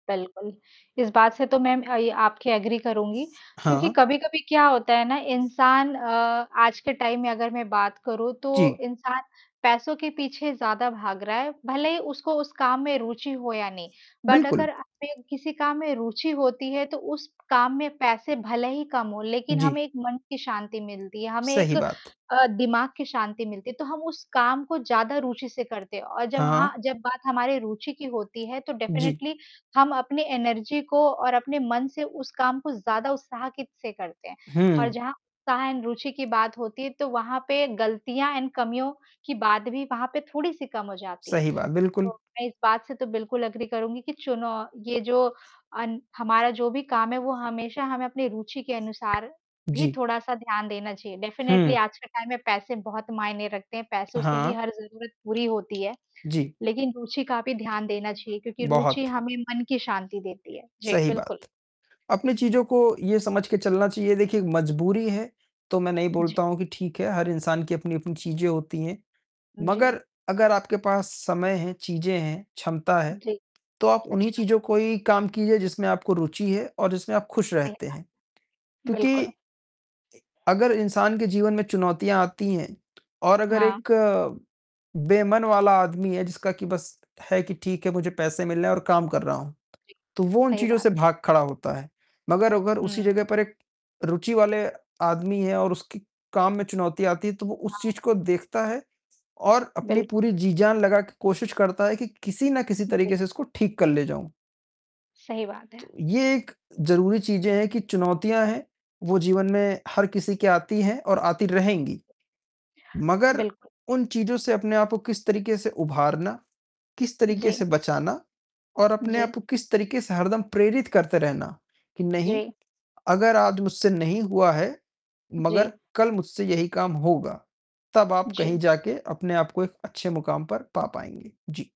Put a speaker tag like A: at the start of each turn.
A: बिल्कुल। इस बात से तो मैं म अ, आपके एग्री करूँगी, क्योंकि
B: हाँ।
A: कभी-कभी क्या होता है ना इंसान अ, आज के टाइम में अगर मैं बात करूँ, तो
B: जी।
A: इंसान पैसों के पीछे ज़्यादा भाग रहा है, भले ही उसको उस काम में रुचि हो या नहीं। बट
B: बिल्कुल।
A: अगर हमें किसी काम में रुचि होती है तो उस काम में पैसे भले ही कम हों, लेकिन
B: जी।
A: हमें एक मन की शांति मिलती है, हमें
B: सही
A: एक
B: बात।
A: अ, दिमाग की शांति मिलती है। तो हम उस काम को ज़्यादा रूचि से करते हैं, और जब हाँ,
B: हाँ।
A: जब बात हमारी रुचि की होती है, तो
B: जी।
A: डेफ़िनेटली हम अपने एनर्जी को और अपने मन से उस काम को ज़्यादा उत्साह कित से करते हैं। और
B: हुँ।
A: जहाँ उत्साह एंड रुचि की बात होती है, तो वहाँ पे गलतियाँ एंड कमियों की बात भी वहाँ पे थोड़ी-सी कम हो जाती है।
B: सही बात,
A: तो
B: बिल्कुल।
A: मैं इस बात से तो बिल्कुल एग्री करूँगी कि चुनो ये जो अन हमारा जो भी काम है वो हमेशा हमें अपनी रुचि के अनुसार भी
B: जी।
A: थोड़ा-सा ध्यान देना चाहिए। डेफ़िनेटली
B: हुँ।
A: आज के टाइम में पैसे बहुत मायने रखते हैं, पैसों से ही
B: हाँ।
A: हर ज़रूरत पूरी होती है,
B: जी।
A: लेकिन रुचि का भी ध्यान देना चाहिए क्योंकि रुचि
B: बहुत।
A: हमें मन की शांति देती है। जी,
B: सही
A: बिल्कुल।
B: बात। अपनी चीज़ों को ये समझ के चलना चाहिए देखिए, मजबूरी है, तो मैं नहीं
A: जी।
B: बोलता हूँ कि ठीक है, हर इंसान की अपनी-अपनी चीज़ें होती हैं।
A: उ, जी।
B: मगर अगर आपके पास समय है, चीज़ें हैं, क्षमता है,
A: जी,
B: तो आप उन्हीं
A: अच्छा।
B: चीज़ों को ही काम कीजिए जिसमें आपको रुचि है और जिसमें आप खुश
A: सही
B: रहते
A: बात
B: हैं।
A: है।
B: क्योंकि इ
A: बिल्कुल।
B: अगर इंसान के जीवन में चुनौतियाँ आती हैं, और अगर
A: हाँ।
B: एक बेमन वाला आदमी है, जिसका कि बस है कि, ठीक है मुझे पैसे मिलने हैं और काम कर रहा हूँ,
A: जी।
B: तो वो उन
A: सही
B: चीज़ों
A: बात।
B: से भाग खड़ा होता है। मगर अगर उसी
A: हुँ।
B: जगह पर एक रुचि वाले आदमी है और उसके काम में चुनौतियाँ आती हैं, तो वो उस
A: हाँ।
B: चीज़ को देखता है, और अपनी
A: बिल्कु
B: पूरी जी-जान लगा के कोशिश करता है कि, किसी न किसी
A: उ जी।
B: तरीके से इसको ठीक कर ले जाऊँ।
A: सही बात
B: तो,
A: है।
B: ये एक ज़रूरी चीज़ें हैं कि चुनौतियाँ हैं, वो जीवन में हर किसी के आती हैं और आती रहेंगी। मगर
A: बिल्कुल।
B: उन चीज़ों से अपने आप को किस तरीके से उभारना, किस तरीके से
A: जी।
B: बचाना और अपने
A: जी।
B: आप को किस तरीके से हरदम प्रेरित करते रहना, कि नहीं,
A: जी।
B: अगर आज मुझसे नहीं हुआ है, मगर
A: जी।
B: कल मुझसे यहीं काम होगा। तब आप कहीं
A: जी।
B: जाके अपने आप को एक अच्छे मुकाम पर पा पाएँगे। जी।